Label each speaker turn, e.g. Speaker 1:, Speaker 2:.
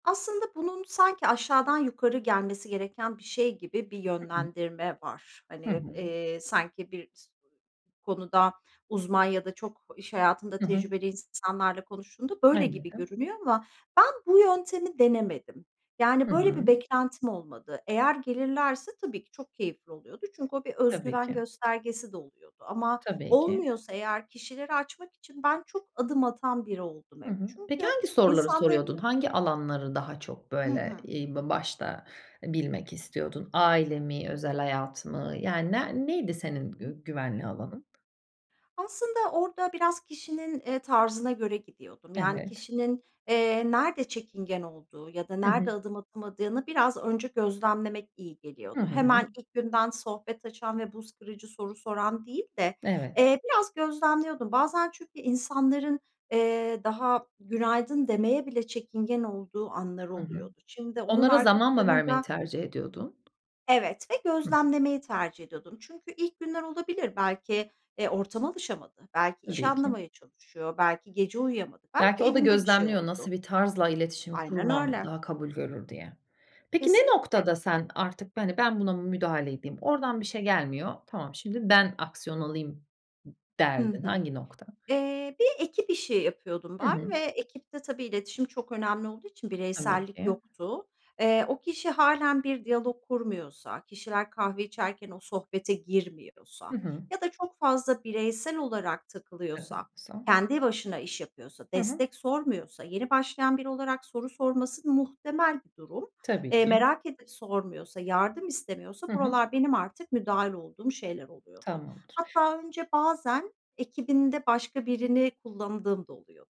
Speaker 1: Aslında bunun sanki aşağıdan yukarı gelmesi gereken bir şey gibi bir
Speaker 2: Hı hı.
Speaker 1: yönlendirme var.
Speaker 2: Hı
Speaker 1: Hani,
Speaker 2: hı.
Speaker 1: eee, sanki bir s konuda uzman ya da çok iş hayatında
Speaker 2: Hı hı.
Speaker 1: tecrübeli is insanlarla konuştuğunda böyle gibi
Speaker 2: [unintelligible]
Speaker 1: görünüyor ama ben bu yöntemi denemedim.
Speaker 2: Hı
Speaker 1: Yani, böyle
Speaker 2: hı.
Speaker 1: bir beklentim olmadı. Eğer gelirlerse tabii ki çok keyifli oluyordu. Çünkü o bir öz
Speaker 2: Tabii
Speaker 1: güven
Speaker 2: ki.
Speaker 1: göstergesi de oluyordu ama
Speaker 2: Tabii ki.
Speaker 1: olmuyorsa eğer kişileri açmak için ben çok adım atan biri oldum
Speaker 2: Hı
Speaker 1: hep
Speaker 2: hı. Peki,
Speaker 1: çünkü
Speaker 2: hangi soruları soruyordun?
Speaker 1: insanlarının
Speaker 2: Hangi alanları daha çok
Speaker 1: Hı
Speaker 2: böyle,
Speaker 1: hı.
Speaker 2: eee, ba başta bilmek istiyordun? Aile mi, özel hayat mı? Yani ne neydi
Speaker 1: Hı
Speaker 2: senin
Speaker 1: hı.
Speaker 2: gü güvenli alanın?
Speaker 1: Aslında orada biraz kişinin, eee, tarzına göre gidiyordum. Yani,
Speaker 2: Evet.
Speaker 1: kişinin, eee, nerede çekingen olduğu ya da
Speaker 2: Hı hı.
Speaker 1: nerede adım atamadığını biraz önce gözlemlemek iyi
Speaker 2: Hı
Speaker 1: geliyordu.
Speaker 2: hı.
Speaker 1: Hemen ilk günden sohbet açan ve buz kırıcı soru soran değil de,
Speaker 2: Evet.
Speaker 1: eee, biraz gözlemliyordum. Bazen çünkü insanların, eee, daha günaydın demeye bile çekingen olduğu anları
Speaker 2: Hı hı.
Speaker 1: oluyordu. Şimdi onun
Speaker 2: Onlara
Speaker 1: arka
Speaker 2: zaman mı vermeyi
Speaker 1: planında
Speaker 2: tercih ediyordun?
Speaker 1: Evet ve
Speaker 2: Hı hı.
Speaker 1: gözlemlemeyi tercih ediyordum. Çünkü ilk günler olabilir. Belki, eee, ortama alışamadı, belki işi
Speaker 2: Tabii ki.
Speaker 1: anlamaya çalışıyor. Belki gece uyuyamadı.
Speaker 2: Belki
Speaker 1: Belki
Speaker 2: o da
Speaker 1: evinde bir şey
Speaker 2: gözlemliyor nasıl
Speaker 1: oldu.
Speaker 2: bir tarzla iletişim
Speaker 1: Aynen
Speaker 2: kurmam
Speaker 1: öyle.
Speaker 2: daha kabul görür diye. Peki, ne
Speaker 1: Kesinlikle.
Speaker 2: noktada sen artık, hani, ben buna müdahale edeyim, oradan bir şey gelmiyor. Tamam şimdi ben aksiyon alayım d
Speaker 1: Hı
Speaker 2: derdin.
Speaker 1: hı.
Speaker 2: Hangi nokta?
Speaker 1: Eee, bir ekip işi yapıyordum
Speaker 2: Hı
Speaker 1: ben
Speaker 2: hı.
Speaker 1: ve ekipte tabii iletişim çok önemli olduğu için
Speaker 2: Tabii
Speaker 1: bireysellik
Speaker 2: ki.
Speaker 1: yoktu. Eee, o kişi hâlen bir diyalog kurmuyorsa, kişiler kahve içerken o sohbete girmiyorsa
Speaker 2: Hı hı.
Speaker 1: ya da çok fazla bireysel olarak takılıyorsa,
Speaker 2: [unintelligible]
Speaker 1: kendi başına iş yapıyorsa,
Speaker 2: Hı hı.
Speaker 1: destek sormuyorsa... Yeni başlayan biri olarak soru sorması muhtemel bir durum.
Speaker 2: Tabii
Speaker 1: Eee,
Speaker 2: ki.
Speaker 1: merak edip sormuyorsa, yardım istemiyorsa
Speaker 2: Hı hı.
Speaker 1: buralar benim artık müdahil olduğum şeyler oluyordu.
Speaker 2: Tamamdır.
Speaker 1: Hatta önce bazen ekibinde başka birini kullandığım da oluyor.